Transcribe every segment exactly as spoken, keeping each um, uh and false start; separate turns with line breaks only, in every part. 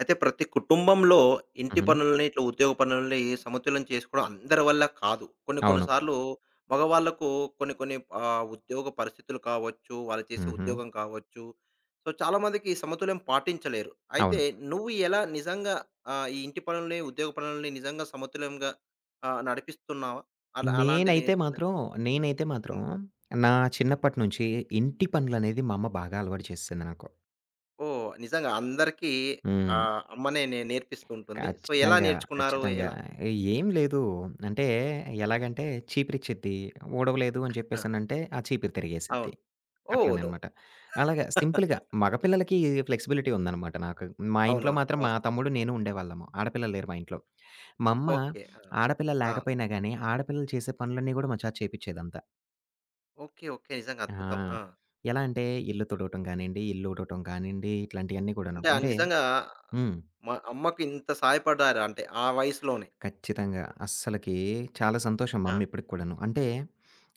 అయితే ప్రతి కుటుంబంలో ఇంటి
హుహు.
పనులని, ఇట్లా ఉద్యోగ పనులని సమతుల్యం చేసుకోవడం అందరి వల్ల కాదు. కొన్ని కొన్ని
అవును.
సార్లు మగవాళ్ళకు కొన్ని కొన్ని ఆహ్, ఉద్యోగ పరిస్థితులు కావచ్చు, వాళ్ళు చేసే
హుహు.
ఉద్యోగం కావచ్చు సో, చాలామందికి ఈ సమతుల్యం పాటించలేరు. అయితే
అవును.
నువ్వు ఎలా నిజంగా ఆహ్, ఈ ఇంటి పనులని, ఉద్యోగ పనులని నిజంగా సమతుల్యంగా? ఆహ్, నడిపిస్తున్నావా? అలా
నేనైతే
అలాంటిదేవైనా
మాత్రం, నేనైతే మాత్రం
హ్మ్.
నా
హ్మ్.
చిన్నప్పటి నుంచి ఇంటి పనులనేది మా అమ్మ బాగా అలవాటు చేసేసింది నాకు.
ఓహ్! నిజంగా. అందరికీ
హ్మ్.
ఆహ్, అమ్మనే నే నేర్పిస్తూ ఉంటుంది. సో, ఎలా
ఖచ్చితంగా.
నేర్చుకున్నారు?
ఖచ్చితంగా.
ఎలా?
ఏం లేదు. అంటే ఎలాగంటే చీపిరిచ్చిద్ది, ఊడవలేదు అని
ఆ!
చెప్పేసనంటే ఆ చీపిరి తిరిగేసిద్ది.
అవును. ఓ
అట్లనే
నో.
అనమాట. అలాగ సింపుల్‌గా మగపిల్లలకి ఫ్లెక్సిబిలిటీ ఉందనమాట నాకు మా ఇంట్లో
అవునవును.
మాత్రం మా
వాస్తవం.
తమ్ముడు, నేను ఉండేవాళ్ళము. ఆడపిల్లలు లేరు మా ఇంట్లో. మమ్మ
ఓకే. ఆ!
ఆడపిల్లలు
ఆ!
లేకపోయినా గాని ఆడపిల్లలు చేసే పనులన్నీ కూడా మా చేత చేపిచ్చేదంతా.
ఓకే. ఓకే. నిజంగా
ఆ!
అద్భుతం. ఆ!
ఎలా అంటే ఇల్లు తుడవటం కానియండి, ఇల్లు ఉడవటం కానియండి ఇట్లాంటియన్నీ కూడాను.
అంటే ఆహ్,
అంటే
నిజంగా
హ్మ్.
మా అమ్మకి ఇంత సాయపడ్డారంటే ఆ వయసులోనే.
ఖచ్చితంగా. అస్సలకి చాలా సంతోషం మా
ఆ!
అమ్మ ఇప్పటికి కూడాను. అంటే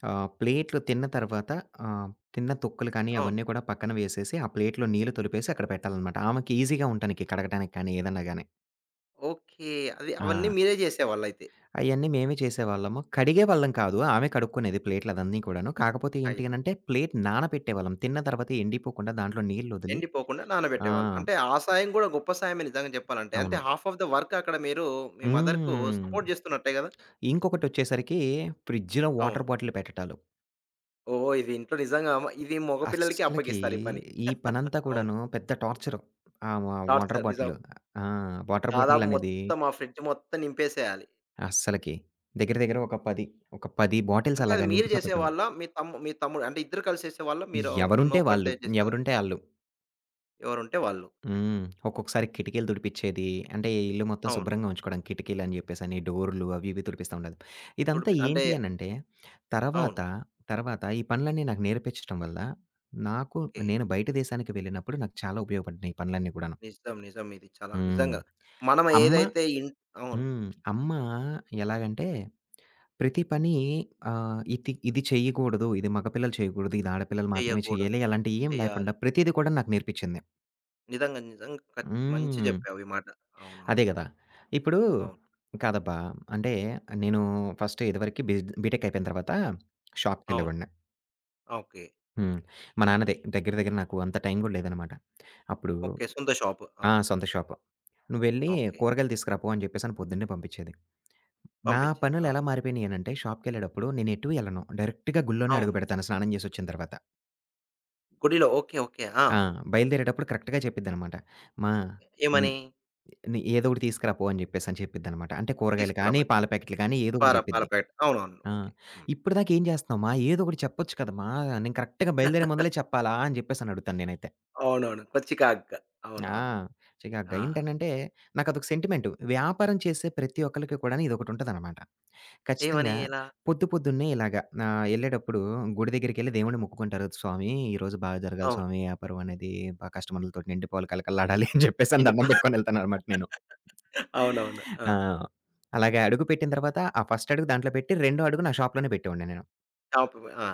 ఆహ్, ప్లేట్లు తిన్న తర్వాత ఆహ్, తిన్న తొక్కులు కానీ
అవును.
అవన్నీ కూడా పక్కన వేసేసి ఆ ప్లేట్‌లో నీళ్ళు తొలిపేసి అక్కడ పెట్టాలనమాట. ఆమెకీజీగా ఉంటానికి కడగటానికి కానీ ఏదన్నా గాని.
ఓకే. అది అవన్నీ
ఆ!
మీరే చేసేవాళ్ళైతే.
అయన్నీ మేమే చేసేవాళ్ళము. కడిగేవాళ్ళం కాదు. ఆమె కడుక్కునేది ప్లేట్లదన్నీ కూడాను. కాకపోతే ఏంటి
అయిత
అనంటే ప్లేటు నానపెట్టేవాళ్ళం. తిన్న తర్వాత ఎండిపోకుండా దాంట్లో నీళ్లొదిలి
ఎండిపోకుండా
ఆ!
నానబెట్టేవాళ్ళు. అంటే ఆ సాయం కూడా గొప్ప సాయమే, నిజంగా చెప్పాలంటే. అంటే
అవును.
హాఫ్ ఆఫ్ ద వర్క్ అక్కడ మీరు మీ మదర్‌కు
హ్మ్.
సపోర్ట్ చేస్తున్నట్టే కదా!
ఇంకొకటొచ్చేసరికి ఫ్రిడ్జ్‌లో
అవును.
వాటర్ బాటిల్ పెట్టటాలు.
ఓహ్! ఇది ఇంట్లో నిజంగా ఇది మగపిల్లలకి
అస్సలకి
అప్పగిస్తారు ఈ పని.
ఈ పనంతా
అవును.
కూడాను పెద్ద టార్చరు. ఆహ్, వ వాటర్
టార్చర్, నిజం.
బాటిల్. ఆ! వాటర్ బాటిల్
దాదాపు
అనేది
మొత్తం ఆ ఫ్రిడ్జ్ మొత్తం నింపేసేయాలి.
అస్సలకి. దగ్గర దగ్గర ఒక పది, ఒక పది బాటిల్స్
అంటే అది
అలాగా
మీరు
నింపుత పెట్టాలి.
చేసేవాళ్ళా? మీ తమ్ము మీ తమ్ముడు అంటే ఇద్దరు కలిసి చేసే వాళ్లా? మీరును
ఎవరుంటే వాళ్ళు.
ఒక్కటిదే చేసేవాళ్లా?
ఎవరుంటే ఆళ్ళు.
ఎవరుంటే వాళ్ళు.
హ్మ్. ఒక్కొక్కసారి కిటికీలు తుడిపిచేది, అంటే ఇల్లు మొత్తం
అవును.
శుభ్రంగా ఉంచుకోవడం, కిటికీలని చెప్పేసని డోర్లు అవి ఇవి తుడిపిస్తా ఉండేది. ఇదంతా
తుడుపిస్ అంటే
ఏంటి అనంటే తర్వాత,
అవును.
తర్వాత ఈ పనులన్నీ నాకు నేర్పిచటం వల్ల నాకు
కే
నేను బయట దేశానికి వెళ్ళినప్పుడు నాకు చాలా ఉపయోగపడ్డినాయి ఈ పనులన్నీ కూడాను.
నిజం. నిజం, ఇది చాలా
హ్మ్.
నిజంగా. మనం
అమ్మ
ఏదైతే ఇం అవును.
హ్మ్, అమ్మ ఎలాగంటే ప్రతి పని ఆహ్, ఇతి "ఇది చేయకూడదు. ఇది మగపిల్లలు చేయకూడదు. ఇది ఆడపిల్లలు మాత్రమే
చెయ్యకూడదు.
చేయాలి" అలాంటియేం
చెయ్యాలి.
లేకుండా ప్రతీది కూడా నాకు నేర్పించింది.
నిజంగా నిజంగా ఖచ్చ మంచి
హ్మ్.
చెప్పావు ఈ మాట. అవునవును.
అదే గదా! ఇప్పుడు.
అవును.
కాదబ్బా! అంటే, నేను ఫస్ట్ ఇదివరకి బిజ బీటెక్ అయిపోయిన తర్వాత
అవును.
షాప్‌కెళ్ళేవాడిని.
ఓకే.
హ్మ్. మా నాన్న దె దగ్గర దగ్గర నాకు అంత టైం గూడా లేదనమాట. అప్పుడు
ఓకే. సొంత షాపు.
ఆ!
అవును.
సొంత షాపు. "నువ్వెళ్ళి
ఓకే.
కూరగాయలు తీసుకురాపో" అని జెప్పేసని పొద్దున్నే పంపించేది. నా
పంపించేది.
పనులు
అవును.
ఎలా మారిపోయినయినంటే షాప్‌కె‌ళ్ళేటప్పుడు నేను ఎటు ఎళ్ళను. డైరెక్ట్‌గా గుల్లోనే
అవును.
అడుగుపెడతాను స్నానం జేసొచ్చిన తర్వాత.
గుడిలో ఓకే. ఓకే. ఆ!
ఆ! బయలుదేరేటప్పుడు కరెక్ట్‌గా చెప్పిద్దనమాట. మా
ఏ
హ్మ్.
ఏమని?
"ఏదోకటి తీసుకురాపో" అని జెప్పేసని చెప్పిద్దనమాట. అంటే కూరగాయలు కానీ,
తీసుకురమని.
పాల ప్యాకెట్లు గానీ ఏదో ఒకటి
పార పాల
చెప్పిద్ది.
పాకట్. అవునవును.
ఆ!
ఓకే. హ్మ్.
ఇప్పటిదాకా ఏం చేస్తున్నావు మా ఏదో ఒకటి చెప్పొచ్చు కదా మా నేను కరెక్ట్‌గా బయలుదేరే ముందలే చెప్పాలా? అని చెప్పేసనడుగుతాను నేనైతే.
అవునవును. కొద్ది చికాకుగా
ఆ!
అవునవును.
చికాకుగా
ఆ!
ఏంటనంటే నాకదొక సెంటిమెంటు. వ్యాపారం చేసే ప్రతి ఒక్కళకి కూడాను ఇదొకటి ఉంటదనమాట.
ఏమని?
ఖచ్చితంగా
ఎలా?
పొద్దు పొద్దున్నే ఇలాగ ఆహ్, ఎళ్ళేటప్పుడు గుడి దగ్గరికెళ్ళి దేవుడి
ఆ!
ముక్కుకుంటారు స్వామి, ఈరోజు బాగా జరగాలి
అవును.
స్వామి వ్యాపారం అనేది బా కస్టమర్లతోటి నిండి పోలి కలకళలాడాలి అని చెప్పేసని
చిన్నిప
దన్నం పెట్టుకొని వెళ్తాన్న అనమాట నేను.
అవునవును. ఆ!
ఆ! అలాగ అడుగు పెట్టిన తర్వాత ఆ ఫస్ట్ అడుగు దాంట్లో పెట్టి రెండో అడుగు నా షాప్‌లోనే పెట్టేవాడిని నేను.
షాపు, ఆ!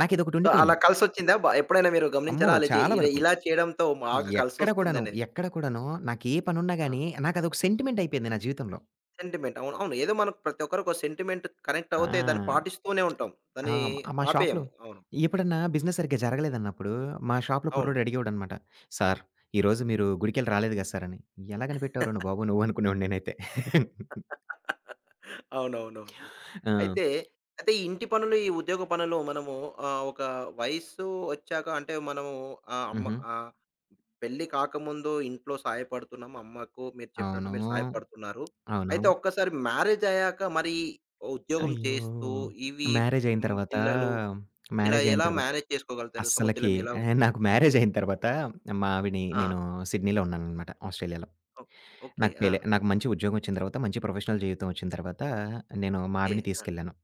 నాకు ఇదొకటి
సో, అలా
ఉండిపోయింది.
కలిసొచ్చిందా? బా ఎప్పుడైనా మీరు
అమ్మో!
గమనించారా? అలా చే
చాలా
ఇలా
వరకు.
ఇలా చేయడంతో బాగా
ఎక్కడ కూడాను,
కలిసొస్తుందనేది?
ఎక్కడ కూడాను, నాకే పని ఉన్నా
ఆ!
గాని, నాకు అదొక సెంటిమెంట్ అయిపోయింది నా జీవితంలో.
సెంటిమెంట్. అవును. అవును. ఏదో మనం ప్రతి ఒక్కరికి ఒక సెంటిమెంట్ కనెక్ట్
ఆ!
అవుతే, దాన్ని పాటిస్తూనే ఉంటాం.
ఆ!
దాన్ని
మా షాప్‌లో,
ఆపేయము. అవును.
ఎప్పుడన్నా బిజినెస్ సరిగ్గా జరగలేదన్నప్పుడు, మా షాప్‌లో
అవును.
కుర్రోడు అడిగేవాడన్నమాట, "సార్, ఈరోజు మీరు గుడికెళ్ళి రాలేదు కదా! సార్" అని ఎలా కనిపెట్టావు రా నువ్వు బాబు నువ్వు? అనుకునేవాడిని నేనైతే.
అవునవునవును.
ఆ!
అయితే. అయితే ఇంటి పనులు, ఈ ఉద్యోగ పనులు మనము ఆహ్, ఒక వయసు ఒచ్చాక అంటే, మనము ఆహ్, అమ్మ
హుహు.
ఆహ్, పెళ్లి కాకముందు ఇంట్లో సహాయపడుతున్నాం, అమ్మకు మీరు
అవును.
చెప్పినట్టు మీరు సహాయపడుతున్నారు.
అవును.
అయితే ఒక్కసారి మ్యారేజ్ అయ్యాక మరి, ఉద్యోగం
అయ్యో!
చేస్తూ ఇవి
మ్యారేజ్ అయిన
హ్మ్,
తర్వాత,
పిల్లలు, ఇలా
మ్యారేజ్ అయిన
ఎలా
తర్వాత,
మేనేజ్ చేసుకోగలుగుతారు?
అస్సలకి
సమతుల్యం ఎలా?
ఆహ్, నాకు మ్యారేజ్ అయిన తర్వాత, మావిడి
ఆ!
నేను సిడ్నీలో ఉన్నాననమాట ఆస్ట్రేలియాలో.
ఓకే. ఓకే.
నాకు
ఆ!
పేలే నాకు మంచి ఉద్యోగం ఒచ్చిన తర్వాత, మంచి ప్రొఫెషనల్ జీవితం ఒచ్చిన తర్వాత, నేను మా
ఓకే.
ఆవిడని
ఆ!
తీసుకెళ్ళాను.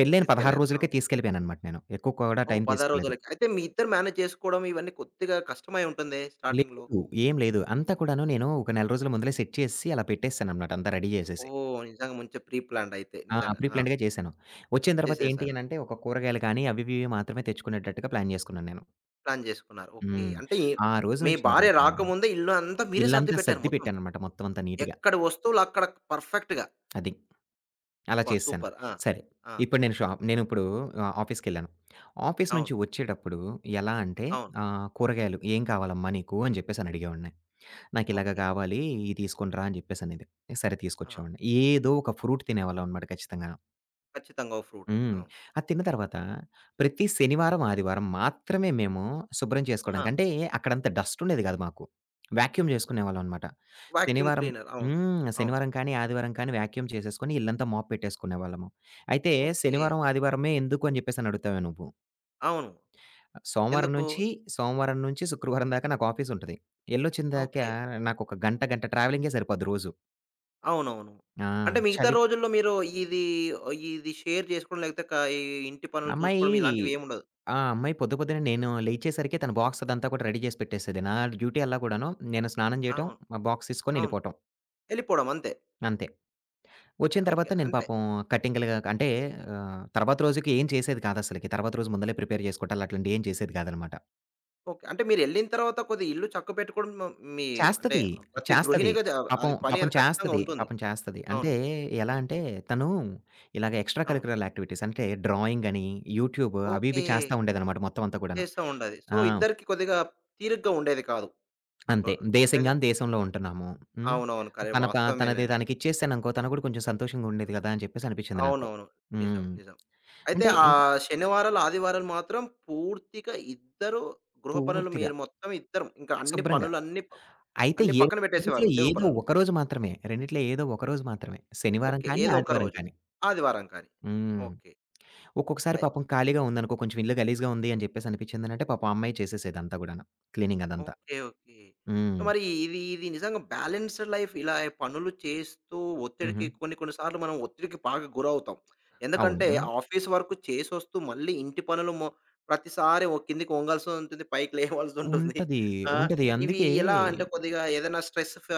పెళ్లయిన పదహారు
తీసుకెళ్లారు. అవును.
రోజులకే తీసుకెళ్ళిపోయాననమాట నేను. ఎక్కువ కూడా
ఓహ్!
టైం
పదహారు
తీసుకోలేదు.
రోజులకి. అయితే మీ ఇద్దరు మేనేజ్ చేసుకోవడం, ఇవన్నీ కొద్దిగా కష్టమై ఉంటుందే, స్టార్టింగ్‌లో?
లేదు, ఏం లేదు. అంతా కూడాను నేను ఒక నెల రోజుల ముందులే సెట్ చేసేసి అలా పెట్టేసాననమాట. అంతా రెడీ చేసేసి.
ఓహ్! నిజంగా మంచి ప్రీ ప్లాన్డ్ అయితే.
ఆ!
నిజంగా
ప్రీ
ఆ!
ప్లాన్డ్‌గా చేసాను. ఒచ్చిన తర్వాత ఏంటి
చేసేసారు.
అనంటే, ఒక కూరగాయలు కానీ, అవి ఇవి ఇవి మాత్రమే తెచ్చుకునేటట్టుగా ప్లాన్ చేసుకున్నా నేను.
ప్లాన్ జేసుకున్నారు. ఓకే.
హ్మ్.
అంటే ఏం
ఆ రోజు
మీ
నుంచి
భార్య
మొదలుకుని
రాకముందే ఇల్లు అంతా మీరే
ఇల్లంతా
సర్దిపెట్టారు
సర్ది
మొత్తం.
పెట్టాననమాట మొత్తం అంతా నీట్‌గా.
ఎక్కడి వస్తువులక్కడ పర్ఫెక్ట్‌గా.
అది. అలా
అబ్బా!
చేసేసాను.
సూపర్! ఆ!
సరే.
ఆ!
ఇప్పుడు నేను షాప్ నేనిప్పుడు ఆహ్, ఆఫీస్‌కె‌ళ్ళాను. ఆఫీస్ నుంచి
అవును.
వచ్చేడప్పుడు ఎలా అంటే,
అవును.
ఆహ్, కూరగాయలు ఏం కావాలమ్మా నీకు అని చెప్పేసని అడిగేవాడిని. "నాకిలాగ
ఓకే.
కావాలి ఇది తీసుకునిరా" అని చెప్పేసనేది. సరే
ఆ!
తీసుకొచ్చేవాడిని. ఏదో ఒక ఫ్రూట్ తినేవాళ్ళమనమాట ఖచ్చితంగాను.
ఖచ్చితంగా ఓ ఫ్రూట్.
హ్మ్.
అవును.
అది తిన్న తర్వాత ప్రతి శనివారం, ఆదివారం మాత్రమే మేము శుభ్రం చేసుకోవడానికి
ఆ!
అంటే అక్కడంత డస్టుండేది గాదు మాకు. వాక్యూమ్ చేసుకునేవాళ్ళమనమాట.
వాక్యూమ్
శనివారం
క్లీనర్. అవును.
హ్మ్.
అవును.
శనివారం కానీ, ఆదివారం కానీ వాక్యూమ్ చేసేసుకొని ఇళ్ళంతా మాప్ పెట్టేసుకునేవాళ్ళము. అయితే
ఓకే.
శనివారం, ఆదివారమే ఎందుకు అని చెప్పేసని అడుగుతావేమో! నువ్వు.
అవును.
ఆహ్, సోమవారం
ఎందుకు?
నుంచి సోమవారం నుంచి శుక్రవారం దాకా నాకాఫీసుంటది. ఎళ్ళొచ్చిందాకా
ఓకే.
నాకొక గంట గంట ట్రావెలింగే సరిపోద్ది రోజు.
అవునవును.
ఆ!
అంటే మిగతా
చలి.
రోజుల్లో మీరు ఇది ఆహ్, ఇది షేర్ చేసుకోవడం లెతే క ఈ ఇంటి పనులు
అమ్మాయీ
చూసుకోవడం ఇలాంటివి ఏమి ఉండదు.
ఆ అమ్మాయి పొద్దు, పొద్దునే నేను లేచేసరికే తన బాక్స్ అదంతా కూడా రెడీ చేసి పెట్టేసేది. నా డ్యూటీ అల్లా కూడాను నేను స్నానం చేయటం,
అవును.
మా బాక్స్ తీసుకొని
అవును.
ఎళ్ళిపోటం.
ఎళ్ళిపోవడం అంతే.
అంతే.
న
వచ్చిన
ఓకే.
తర్వాత నేను
అన్పే.
పాపం కటింగ్లుగా అంటే ఆహ్, తర్వాత రోజుకి ఏం చేసేది కాదసలకి. తర్వాత రోజు ముందలే ప్రిపేర్ చేసుకుంటాలు అట్లాంటివి ఏం చేసేది కాదనమాట.
ఓకే. అంటే మీరెళ్ళిన తర్వాత కొద్ది ఇల్లు చక్కబట్టుకోవడం. మీ అంటే
చేస్తది
ప్రతి
చేస్తది.
గృహిణిగది.
పాపం
అది పని
పాపం
అది ఖచ్చితంగా
చేస్తది.
ఉంటుంది.
పాపం చేస్తది.
అవును.
అంటే ఎలా అంటే తను ఇలాగ ఎక్స్ట్రా
అవును.
కలికురల్ యాక్టివిటీస్ అంటే డ్రాయింగ్ అని, యూట్యూబ్ అవి
ఓకే.
ఇవి చేస్తా ఉండేదనమాట మొత్తం అంతా కూడాను.
చేస్తా ఉండేది. సో,
ఆ!
ఇద్దరికి కొద్దిగా తీరుగ్గా ఉండేది కాదు.
అంతే.
అంటున్నారు. అంతేగ!
దేశంగాని దేశంలో ఉంటున్నాము. హ్మ్.
అవునవును. కర
తన ప తనది
వాస్తవమేలెండి.
తనకి ఇచ్చేసాననుకో తను కూడా కొంచెం సంతోషంగా ఉండిద్ది కదా! అని చెప్పేసి అనిపించింది నాకు.
అవునవును. నిజం.
హ్మ్.
నిజం. అయితే
అంటే
ఆ
ఇంకా
శనివారలు ఆదివారలు మాత్రం పూర్తిగా ఇద్దరు గృహ పనులు.
పూర్తిగా.
మీరు మొత్తం ఇద్దర ఇంకా అన్ని
శుభ్రంగా.
పనులన్నీ ప
అయితే
అన్ని
ఏ
పక్కన పెట్టేసేవారు
ఇంట్లో
ఉద్యోగ
ఏదో
పనులు.
ఒకరోజు మాత్రమే. రెండిట్లో ఏదో ఒకరోజు మాత్రమే. శనివారం
ఓకే.
కానీ,
ఏదో ఒక్క
ఆదివారం
రోజు.
కానీ.
ఆదివారంకాని.
హ్మ్.
ఓకే.
ఒక్కొక్కసారి
అయ్
పాపం ఖాళీగా ఉందనుకో, కొంచెం ఇల్లు గలీజుగా ఉంది అని చెప్పేసి అనిపించిందనంటే పాపం ఆ అమ్మాయి చేసేసేదంతా కూడాను క్లీనింగ్ అదంతా.
ఓకే. ఓకే. సో,
హ్మ్.
మరి ఇది ఇది నిజంగా బ్యాలెన్స్డ్ లైఫ్ ఇలా పనులు చేస్తూ ఒత్తిడికి
హుహు.
కొన్ని కొన్ని సార్లు మనం ఒత్తిడికి బాగా గురవుతాం. ఎందుకంటే
అవును.
ఆఫీస్ వరకు చేసొస్తూ, మళ్ళీ ఇంటి పనులు మొ ప్రతిసారి ఓ కిందికి ఒంగాల్సుంటుంది. పైకి లేవాల్సుంటుంది.
ఉంటది.
ఆహ్,
ఉంటది.
ఇవి
అందుకే
ఎలా అంటే కొద్దిగా ఏదైనా స్ట్రెస్ ఫ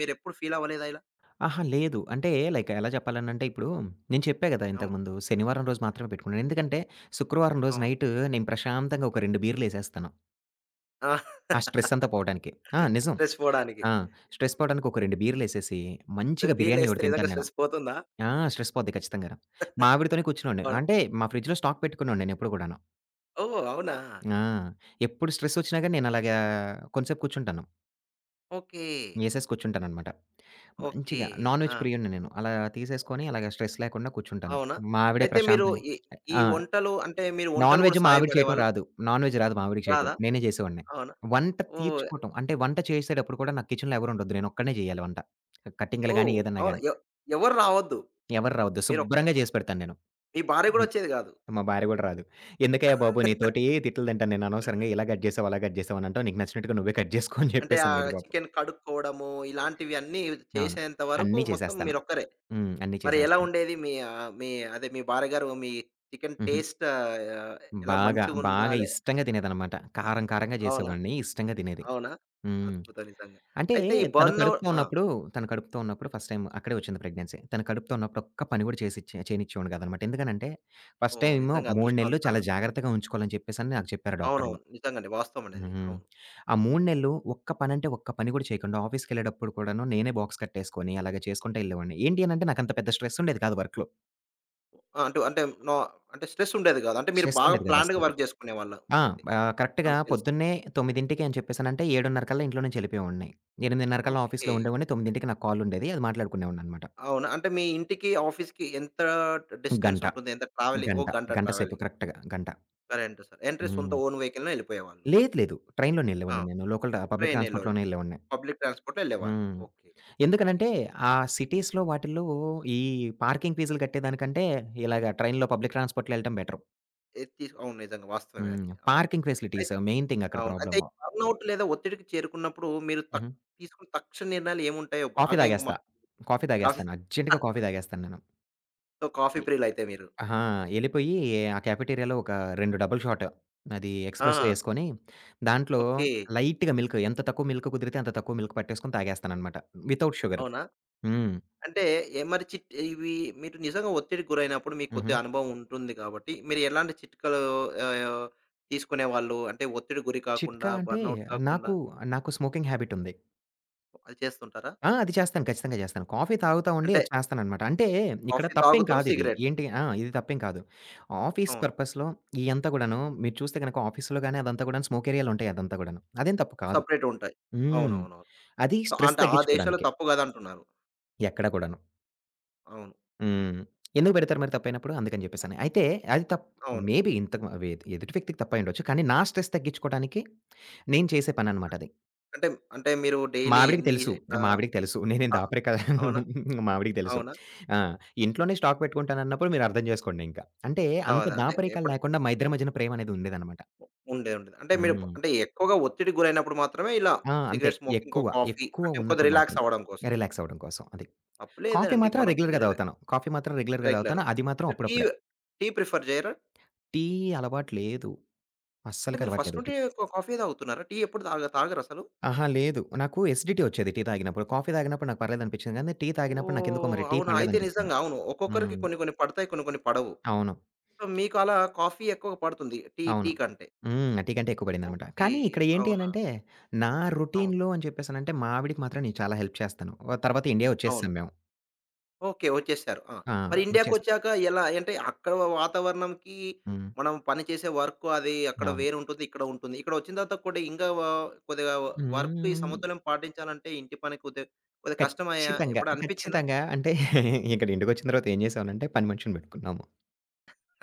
మీరెప్పుడు ఫీల్ అవ్వలేదా ఇలా?
అహా! లేదు. అంటే లైక్ ఎలా చెప్పాలనంటే, ఇప్పుడు నేను చెప్పా కదా!
అవును.
ఇంతకుముందు. శనివారం రోజు మాత్రమే పెట్టుకున్నాను. ఎందుకంటే శుక్రవారం రోజు
అవును.
నైట్ నేను ప్రశాంతంగా ఒక రెండు బీర్లేసేస్తాను.
ఆ!
ఆ స్ట్రెస్సంతా పోవటానికి. ఆ! నిజం.
స్ట్రెస్ పోవడానికి.
ఆ! స్ట్రెస్ పోవడానికి ఒక రెండు బీర్లేసేసి. మంచిగా
రెండు
బిర్యానీ
బీర్లేస్తే
ఒకటి
నిజంగా
తింటాను నేను.
స్ట్రెస్ పోతుందా?
ఆ! స్ట్రెస్ పోద్ది ఖచ్చితంగాను. మావిడతోనే కూర్చున్నోవాడిని.
అవునా!
అంటే మా ఫ్రిడ్జ్‌లో స్టాక్ పెట్టుకున్నోడిని నేను ఎప్పుడు కూడాను.
ఓహ్! అవునా?
ఆ! ఎప్పుడు స్ట్రెస్సొచ్చినాగాని. నేను అలాగా కొంచసేపు కూర్చుంటాను.
ఓకే.
ఏసేసి కూర్చుంటాననమాట.
ఓకే.
మంచిగా నాన్‌వెజ్
ఆ!
ప్రియుడిని నేను. అలా తీసేసుకొని అలాగా స్ట్రెస్ లేకుండా కూర్చుంటాను.
అవునా!
మావిడే
అయితే మీరు
ప్రశాంతంగా
ఈ ఈ
ఆహ్, ఆ!
వంటలూ అంటే మీరు
నాన్
వంటలు కూడా
వెజ్జు మావిడికి చేయటం
సహాయపడేవాళ్ళా?
రాదు. నాన్ వెజ్ రాదు మావిడికి చేయటం.
రాదా?
నేనే చేసేవాడిని.
అవునా!
వంట
ఓహ్!
తీర్చుకోవటం. అంటే వంట చేసేటప్పుడు కూడా నాకు కిచెన్‌లో ఎవరుండొద్దు. నేనొక్కడినేే చేయాలి వంట. కటింగ్గులు గాని
ఓహ్!
ఏదన్నా
అవునా!
గాని.
ఎ ఎవరు రావద్దు.
ఎవరు రావద్దు.
మీరోక్క
శుభ్రంగా చేసి పెడతాను నేను.
మీ భార్య గూడా
హ్మ్.
వచ్చేది కాదు.
మా భార్య కూడా రాదు. "ఎందుకయ్య బాబు నీతోటి తిట్టలు తింటాను నేననవసరంగా ఇలా కట్ చేసావు. అలా కట్ చేసావు అని అంటావు. నీకు నచ్చినట్టుగా నువ్వే కట్ జేసుకో" అని
అంటే
చెప్పేసి
ఆ
అనేది పాపం.
చికెను కడుక్కోవడము. ఇలాంటివిన్నీ
అవును.
చేసేంత వరకు
అన్నీ
మొత్తం
చేసేస్తాను.
మీరొక్కరే.
హ్మ్. అన్నీ
మరి ఎలా
చేసేస్తను.
ఉండేది? మీ ఆహ్, మీ అదే మీ భార్యగారు. మీ చికెను
హుహు.
టేస్ట్ ఆహ్, ఎలా
బాగా.
మంచిగుందా?
బాగా
లే
ఇష్టంగా తినేదనమాట. కారం కారంగా
అవునా!
చేసేవాడిని. ఇష్టంగా తినేది.
అవునా!
హ్మ్.
అద్భుతం నిజంగా.
అంటే
అయితే ఈ
తను
బన్న
కడుపుతో
ఆ!
ఉన్నప్పుడు, తను కడుపుతో ఉన్నప్పుడు. ఫస్ట్ టైమ్ అక్కడే వచ్చింది ప్రెగ్నెన్సీ. తను కడుపుతో ఉన్నప్పుడు ఒక్క పని కూడా చేసిచ్చే చేనిచ్చేవాడిని కాదనమాట. ఎందుకనంటే ఫస్ట్
ఓహ్!
టైమూ
నిజంగా
మూడు నెలలు చాలా
అదృష్టవంతరాలు.
జాగ్రత్తగా ఉంచుకోవాలని చెప్పేసని నాకు చెప్పారు డాక్టర్లు.
అవునవును. నిజంగా అండి. వాస్తవం అండి అది.
హుహు.
అవును.
ఆ మూడు
హ్మ్.
నెలలు ఒక్క పనంటే ఒక్క పని కూడా చేయకుండి. ఆఫీస్‌కెళ్ళేటప్పుడు కూడాను. నేనే బాక్స్ కట్టేసుకొని అలాగ చేసుకుంటా వెళ్ళేవాడిని. ఏంటి అనంటే నాకంత పెద్ద స్ట్రెస్సుంఉండేది కాదు వర్క్‌లో.
ఆ! అంటూ అంటే నోవా అంటే స్ట్రెసుండేది గాదు. అంటే మీరు బాగా
స్ట్రెస్సుండేది కాదు
ప్లాన్డ్‌గా
అస్సలకి.
వర్క్ చేసుకునేవాళ్ళు
ఆ!
అయితే.
బా కరెక్ట్‌గా
అంత తెలిసి.
పొద్దున్నే తొమ్మిదింటకి అని చెప్పేసనంటే ఏడున్నరకల్లా ఇంట్లోనుంచి ఎళ్ళిపోయేవాడ్ని. ఎనిమిదిన్నరకల్లా ఆఫీస్‌లో
ఓకే.
ఉండేవాడ్ని తొమ్మిదింటికి నాకు కాల్ ఉండేది. అది మాట్లాడుకునేవాడిననమాట.
అవునా? అంటే మీ ఇంటికి ఆఫీస్‌కి ఎంత డిస్టెన్స్
గంట.
ఉంటుంది ఎంత ట్రావెలింగ్ ఓ
గంట.
గంట
గంట సేపు
ట్రావెలింగ్.
కరెక్ట్‌‌గా గంట.
సరే, అంటే సర్ ఎంట్రీ సొంత
హ్మ్.
ఓన్ వెహికల్‌లోనే ఎళ్ళిపోయేవాళ్ళు.
లేదు, లేదు. ట్రైన్‌లోనే
ఆ!
ఎళ్ళేవాడిని నేను. లోకల్ ట పబ్లిక్
ట్రైనులోయి
ట్రాన్స్‌పోర్ట్‌లోనే ఎళ్ళేవాడిని.
పబ్లిక్ ట్రాన్స్‌పోర్ట్‌లో ఎళ్ళేవారు.
హ్మ్.
ఓకే. ఓకే.
ఎందుకనంటే ఆ సిటీస్‌లో వాటిల్లో ఈ పార్కింగ్ ఫీజులు కట్టేదానికంటే ఇలాగ ట్రైన్‌లో పబ్లిక్ ట్రాన్స్‌పోర్ట్‌లో ఎళ్ళటం బెటరు.
ఎద్ తీస్ అవును. నిజంగా వాస్తవమే
హ్మ్.
అది. అవును.
పార్కింగ్ ఫెసిలిటీస్
అయితే
మెయిన్ థింగ్ అక్కడ
అవును. అయితే ఈ
ప్రాబ్లము.
బర్నౌట్ లేదా ఒత్తిడికి చేరుకున్నప్పుడు మీరు తక్
హుహు.
తీసుకున్న తక్షణ నిర్ణయాలు ఏముంటాయో
కాఫీ
బాగా ఇంగ మా
తాగేస్తా. Coffee
coffee
తాగేస్తాను. అర్జెంట్‌గా కాఫీ తాగేస్తాను నేను.
సో కాఫీ
ఎ
ప్రియులయితే మీరు?
ఆహా! ఎళ్ళిపోయి. ఆ క్యాఫెటీరియా ఒక రెండు డబుల్ షాటు. అది ఎక్స్‌ప్రెస్సో
ఆ!
ఏసుకొని దాంట్లో
ఓకే.
లైట్‌గా మిల్కు ఎంత తక్కువ మిల్క్ కుదిరితే అంత తక్కువ మిల్క్ పట్టేసుకొని తాగేస్తాననమాట. Without sugar.
అవునా?
హ్మ్.
అంటే ఎ మరి చిట్ ఇవి మీరు నిజంగా ఒత్తిడికి గురైనప్పుడు మీకు
హుహు.
కొద్దిగా అనుభవం ఉంటుంది, కాబట్టి మీరు ఎలాంటి చిట్కాలు ఆహ్, తీసుకునేవాళ్ళు? అంటే ఒత్తిడి గురి కాకుండా
చిట్కా అంటే
బర్నౌట్ కాకుండా?
నాకు నాకు స్మోకింగ్ హ్యాబిటుంది.
అది చేస్తుంటారా?
ఆ! అది చేస్తాను. ఖచ్చితంగా చేస్తాను. కాఫీ తాగుతా ఉండి,
అంటే
అది చేస్తాననమాట. అంటే ఇక్కడ
కాఫీ
తప్పేం
తాగుతూ
కాదిది.
సిగరెట్.
ఏంటి ఆ! ఇది తప్పేం కాదు. ఆఫీస్
అవును.
పర్పస్‌లో ఇయంతా కూడను, మీరు చూస్తే గనక ఆఫీస్‌లో గాని, అదంతా గూడాను స్మోకేరియాాలుంటాయి. అదంతా కూడాను. అదేం తప్పు కాదు.
సపరేటుంటాయి.
హ్మ్.
అవునవునవును.
అది
సొ
స్ట్రెస్
అంటే ఆ దేశం‌లో
తగ్గిచుకోడానికే.
తప్పు గదంటున్నారు.
ఎక్కడ కూడాను.
అవును. హ్మ్.
హ్మ్. ఎందుకు పెడతారు మరి తప్పైనప్పుడు? అందుకని జేప్పేసని. అయితే అది తప్
అవును.
మేబీ ఇంతకు ఎ ఎదుటి వ్యక్తికి తప్పయిండొచ్చు. కానీ, నా స్ట్రెస్ తగ్గిచుకోడానికి నేను చేసే పననమాట
ఆ,
అది.
అంటే అంటే మీరు డైలీ
మావిడికి
ఇయాన్ని
తెలుసు.
ఎక్కడా
మావిడికి తెలుసు. నేనేం
ఆ! అవునా!
దాపరికాలు మావిడికి తెలుసు.
అవునా!
ఆ! ఇంట్లోనే స్టాక్ పెట్టుకుంటానన్నప్పుడు మీరు అర్థం జేసుకోండింకా. అంటే అంత
అవద అంటే
దాపరికాలు
ఎప్పుడు?
లేకుండా, మా ఇద్దరి మధ్యన ప్రేమనేది ఉండేదన్నమాట.
ఉండేఉంటది. అంటే మీరు
హ్మ్.
అంటే, ఎక్కువగా ఒత్తిడి గురైనప్పుడు మాత్రమే, ఇలా
ఆ! అంతే.
సిగరెట్ స్మోకింగ్ ఇంకో
ఎక్కువ,
కాఫీ అంటే, ఇంకొద్ది
ఎక్కువున్నప్పుడు మాత్రమే.
రిలాక్సవ్వడం కోసం.
రిలాక్సవ్వడం కోసం అది. కాఫీ
తప్పులేదండి.
మాత్రం
మనం
రెగ్యులర్‌గా
కుదిరలే.
తాగుతాను. కాఫీ మాత్రం రెగ్యులర్‌గా
రెగ్యులర్
తాగుతాను. అది మాత్రం
అంటే టీ
అప్పుడప్పుడే.
Tea prefer జేయరా?
టీ అలవాటు లేదు.
అంటే
అస్సలు
మీరు ఫస్ట్
కలవాట్లేదు టి.
నుండె కా కాఫీయె తాగుతున్నారా? టీ ఎప్పుడు తాగ తాగరసలు?
ఆహా! లేదు. నాకు ఎసీడీటీ వచ్చేది, టీ తాగినప్పుడు. కాఫీ తాగినప్పుడు నాకు పర్లేదనిపించింది. కానీ, టీ తాగినప్పుడు నాకేందుకో
ఓహొ!
మరి టీ
అవునా! అయితే
పడ్లేదనిపించింది నా
నిజంగావును. ఒక్కొక్కరికి
హ్మ్.
కొన్ని, కొన్ని పడతాయి. కొన్ని, కొన్ని పడవు.
అవును.
సో, మీకలా కాఫీ ఎక్కువ పడుతుంది టీ
అవును.
టీ కంటే.
హ్మ్. ఆ! టీకంటే ఎక్కువ పడిందనమాట.
ఓకే.
కానీ, ఇక్కడ ఏంటి
అవునా!
అనంటే, నా
అవును.
రొటీన్‌లో అని చెప్పేసనంటే, మావిడకి మాత్రం నేను చాలా హెల్ప్ చేస్తాను. ఆ తర్వాత ఇండియా
అవును.
వచ్చేసేసాం మేము.
ఓకే. వచ్చేసారు. ఆ!
ఆ!
మరి
వచ్చేసి.
ఇండియాకొచ్చాక ఎలా అంటే అక్కడ వాతావరణంకి,
హ్మ్.
మనం పని చేసే వర్క్ అది అక్కడ
అవును.
వేరు ఉంటుంది. ఇక్కడ ఉంటుంది. ఇక్కడ వచ్చిన తర్వాత కూడా ఇంకా వ కొద్దిగా వ వర్క్ ఈ
హ్మ్.
సమతుల్యం పాటించాలంటే ఇంటి పని కొద్ది కొద్దిగా కష్టమాయా!
ఖచ్చితంగా.
ఎప్పుడనిపించిందా?
ఖచ్చితంగా అంటే ఇక్కడ ఇంటిికొచ్చిన తర్వాత ఏం చేసావనంటే, పని మనిషిని పెట్టుకున్నాము.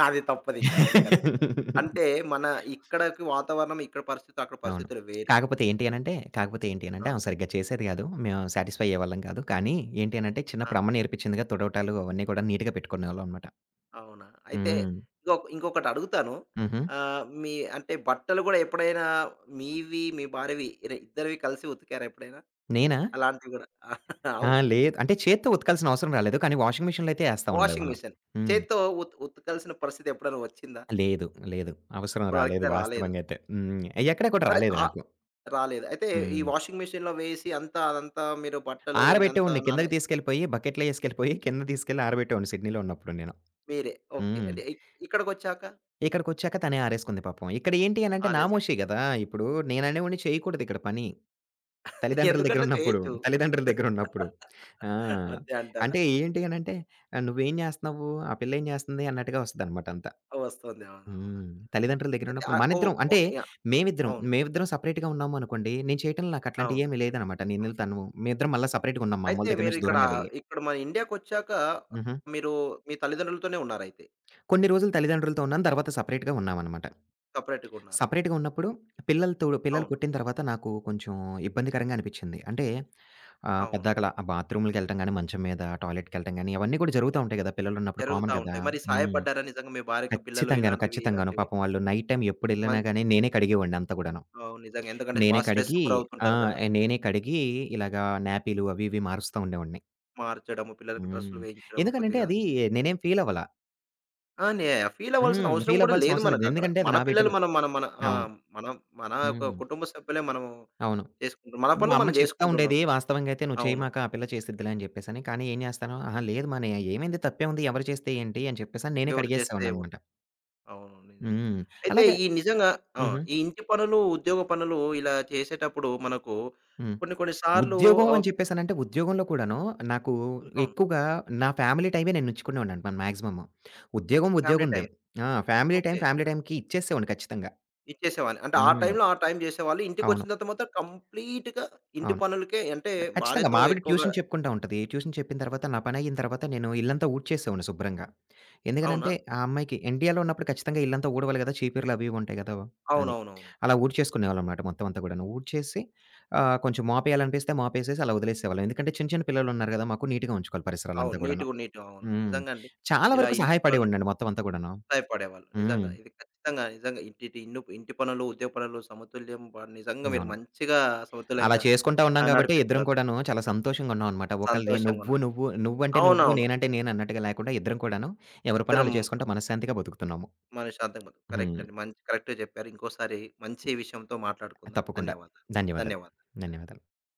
అది తప్పదు ఇంకా. అవును కరెక్ట్. అంటే మన ఇక్కడికి వాతావరణం, ఇక్కడ పరిస్థితి, అక్కడ
అవును.
పరిస్థితులు వేరు.
కాకపోతే ఏంటి అనంటే, కాకపోతే ఏంటి అనంటే
ఆ!
ఆమె సరిగ్గా చేసేది కాదు. మేము సాటిస్ఫై అయ్యేవాళ్ళం కాదు. కానీ ఏంటి అనంటే
ఆ!
చిన్నప్పుడు అమ్మ నేర్పించిందిగా తుడవటాలు, అవన్నీ కూడా నీట్‌గా పెట్టుకునేవాళ్ళం అనమాట.
అవునా. అయితే.
హ్మ్.
ఇంకొక ఇంకొకటి అడుగుతాను.
హుహు.
ఆహ్, మీ అంటే బట్టలు కూడా ఎప్పుడైనా మీవి మీ భార్యవి ఇ ఇద్దరివి కలిసి ఉతికారా ఎప్పుడైనా?
నేనా?
అలాంటివి కూడా
ఆ!
అవును.
లేదు. అంటే చేత్తో ఉతుకాల్సిన అవసరం రాలేదు. కానీ వాషింగ్ మెషిన్‌లో అయితే ఏస్తా ఉండే
వాషింగ్
వాళ్ళం.
మిషిన్.
హ్మ్.
చేత్తో ఉత్ ఉతకాల్సిన పరిస్థితి ఎప్పుడైనా వచ్చిందా?
లేదు. లేదు. అవసరం
ఇప్పడు
రాలేదు
వరకైతే రాలేదు.
వాస్తవంగా అయితే. హ్మ్. ఎక్కడ కూడా
సరే
రాలేదు
ఆ
నాకు.
రాలేదు. అయితే ఈ
హ్మ్.
వాషింగ్ మెషన్‌లో వేసి అంతా అదంతా మీరు బట్టలు ఇదంతా
ఆరబెట్టేవాడిని.
నాన
కిందకి తీసుకెళ్ళిపోయి, బకెట్లో ఏసుకెళ్ళిపోయి, కిందకి తీసుకెళ్లి ఆరబెట్టేవాడిని సిడ్నీలో ఉన్నప్పుడు నేను.
మీరే. ఓకే.
హ్మ్.
అంటే ఇ ఇక్కడికొచ్చాక!
ఇక్కడికొచ్చాక తనే ఆరేసుకుంది పాపం. ఇక్కడ ఏంటి అనంటే
ఆరేస్
నామోషీ కదా! ఇప్పుడు నేననేవోడ్ని చేయకూడదిక్కడ పని. తల్లిదండ్రుల దగ్గర
ఎందుకట్లా
ఉన్నప్పుడు.
చేయొచ్చు.
తల్లిదండ్రుల దగ్గర ఉన్నప్పుడు. ఆ!
అంతే అంటారా?
అంటే ఏంటి అనంటే "నువ్వెంచేస్తన్నావ్వు? ఆ పిల్లెంచేస్తుంది." అన్నట్టుగా వస్తదినమాట అంతా.
వస్తుంది అవును. అవును.
హ్మ్. తల్లిదండ్రుల దగ్గర
ఐతే
ఉన్నప్పుడు.
ఆహ్, ఓ
మనిద్దరం, అంటే
ఓకే.యాహ్!
మేమిద్దరం
అవును.
మేమిద్దరం సెపరేట్‌గా ఉన్నాము అనుకోండి. నేను చేయటంలో నాకట్లాంటివి
అవును.
ఏమి లేదనమాట నేనుళ్తానువ్వు. మేమిద్దరం మళ్ళా సపరేట్‌గా ఉన్నాం. మామ్మళ
అయితే
దగ్గర
మీరు
నుంచి
ఇక్కడ
దూరంగా వెళ్లి.
ఇక్కడ మన ఇండియాకొచ్చాక,
హుహు.
మీరు మీ తల్లిదండ్రులతోనే ఉన్నారైతే.
కొన్ని రోజులు తల్లిదండ్రులతో ఉన్నాను. తర్వాత సపరేట్‌గా ఉన్నామనమాట.
సపరేట్‌గా ఉన్నారు.
సపరేట్‌గా ఉన్నప్పుడు పిల్లలతో పిల్లలు
అవును.
పుట్టిన తర్వాత నాకు కొంచెం ఇబ్బందికరంగా అనిపించింది. అంటే ఆహ్,
అవును.
పెద్దాకలా ఆ బాత్రూమ్లకి వెళ్ళటం గాని, మంచం మీద టాయిలెట్కి వెళ్ళటం గానీ అవన్నీ కూడా జరుగుతూ ఉంటాయి కదా. పిల్లలున్నప్పుడు కామన్
జరుగుతా
కదా!
ఉంటాయి. మరి
హ్మ్.
సహాయపడ్డారా నిజంగా మీ భార్యకి పిల్లలు
ఖచ్చితంగాను.
ఇలాంటివి
ఖచ్చితంగాను.
ఇలాంటివి?
పాపం వాళ్ళు నైట్ టైమ్ ఎప్పుడేళ్ళినా
మం
గాని, నేనే కడిగేవాడిని అంతా కూడాను.
అవును. నిజంగా. ఎందుకంటే బా
నేనే
స్ట్రెస్‌కి
కడిగి
గురి
ఆ!
అవుతుంటారు కదా!
నేనే కడిగి ఇలాగా న్యాపీలు అవి ఇవి మారుస్తా ఉండేవాడిని.
మార్చడము. పిల్లలకు డ్రస్సులు
హ్మ్.
వేయించడము
ఎందుకనంటే,
కొద్దిగా.
అదీ నేనేం ఫీలవ్వల.
ఆ! నే ఫీలవ్వాల్సిన
హ్మ్.
అవసరం గూడా
ఫీలవ్వాల్సిన
లేదు
అవసరం లేదు.
మనకక్కడ.
ఎందుకంటే, అది
మన
నా
పిల్లలు
బిడ్డలు.
మనం మనం మన ఆ!
అవును.
మనం మనా యొక్క
హ్మ్.
కుటుంబ సభ్యులే మనం
అవును.
చేసుకుంటు మన
మా
పనులు
అమ్మ
మనం
చెప్తా
జేసుకుంటున్నాం.
ఉండేదీ, వాస్తవంగయితే "నువ్వు
అవును.
చెయ్యమాక, ఆ పిల్ల చేసిద్దిలే" అని జెప్పేసని. కానీ, ఏం జేస్తాను, అహా! లేదు మా నే ఆహ్, ఏవైంది తప్పేముంది, ఎవరు చేస్తే ఏంటి అని చెప్పేసని నేనే
ఎవరు చేస్తే ఏవున్
కడిగేసేసేవాడిననమాట.
అవును. నిజమే.
హ్మ్.
అయితే,
అలాగ
ఈ నిజంగా ఆ!
హుహు.
ఈ ఇంటి పనులు, ఉద్యోగ పనులు ఇలా చేసేటప్పుడు మనకు
హ్మ్.
కొన్ని కొన్ని సార్లు
ఉద్యోగం
ఆహ్
అని చెప్పేసనంటే, ఉద్యోగంలో కూడాను, నాకు
అవును.
ఎక్కువుగా నా ఫ్యామిలీ టైమే నేనుచ్చుకునేవాడినండి మన మాగ్జిమము. ఉద్యోగం
ఫ్యామిలీ
ఉద్యోగందే.
టైమ్.
ఆ! Family time
okay.
ఫ్యామిలీ టైమ్‌కి ఇచ్చేసేవోడిని ఖచ్చితంగా.
ఇచ్చేసేవాళ్ళు. అంటే, ఆ
హ్మ్.
టైంలో ఆ టైం జేసేవాళ్ళు.
అవును.
ఇంటికొచ్చిన తర్వాత మొత్తం కంప్లీట్‌గా ఇంటి
అవును.
పనులకే అంటే
ఆహ్, ఖచ్చితంగా.
భార్యతో,
మా ఆవిడ
ఎక్కువగా
ట్యూషన్ చెప్పుకుంటా ఉంటది. ట్యూషన్ చెప్పిన తర్వాత, నా పనయ్యిన తర్వాత నేను ఇళ్లంతా ఊడ్చేసేవోడిని శుభ్రంగా. ఎందుకనంటే,
అవునా!
ఆ అమ్మాయికి ఇండియాలో ఉన్నప్పుడు ఖచ్చితంగా ఇళ్ళంతా ఊడవాలి గదా! చీపుర్లు అవీవుంటాయి గదా! అది.
అవునవునవును.
అలా
అవును.
ఊడ్చేసుకునేవాళ్ళంమాట మొత్తవంతా గూడాను. ఊడ్చేసి ఆహ్, కొంచెం మాపేయాలనిపిస్తే మాపేసేసి అలా ఒదిలేసేసేవాళ్ళం. ఎందుకంటే, చిన్న చిన్న పిల్లలున్నారు గదా మాకు, నీటుగా ఉంచుకోవాలి
అవును.
పరిసరాలంతా గూడాను.
నీటుగ నీటు అవును.
హ్మ్.
నిజంగండి.
చాలా
ఇలా
వరకు
ఇంటి పను
సహాయపడేవోడినండి మొత్తవంతా గూడాను.
సాయపడేవాళ్ళు.
హ్మ్.
నిజంగా. ఇది ఖచ్చితంగా, నిజంగా ఇటిటి ఇన్ను ఇంటి పనులు, ఉద్య పనులు సమతుల్యం పడ్ నిజంగా మీరు
అవును.
మంచిగా
అలా
సమతుల్యంగా
చేసుకుంటా ఉన్నాం
ఆహ్,
గాబట్టే ఇద్దరం
నడిపిస్తునారు.
కూడాను చాలా సంతోషంగున్నావనమాట. ఒకళ్ళది నువ్వు
సంతోషంగున్నారు.
నువ్వు నువ్వంటే నువ్వు,
అవునవును.
నేనంటే నేను అన్నట్టుగా లేకుండా ఇద్దరం కూడాను ఎవరి
ఇద్దరం.
పనాళ్ళు చేసుకుంటా మనశ్శాంతిగా బతుకుతున్నాము.
మనశ్శాంతంగ బతుకు
హ్మ్.
కరెక్టండి. మంచి కరెక్ట్‌గా జెప్పారు. ఇంకోసారి మంచి విషయంతో మాట్లాడుకుందాం.
తప్పకుండా.
ధన్యవాదాలు.
ధన్యవాదాలు.
ధన్యవాదాలు.
ధన్యవాదాలు.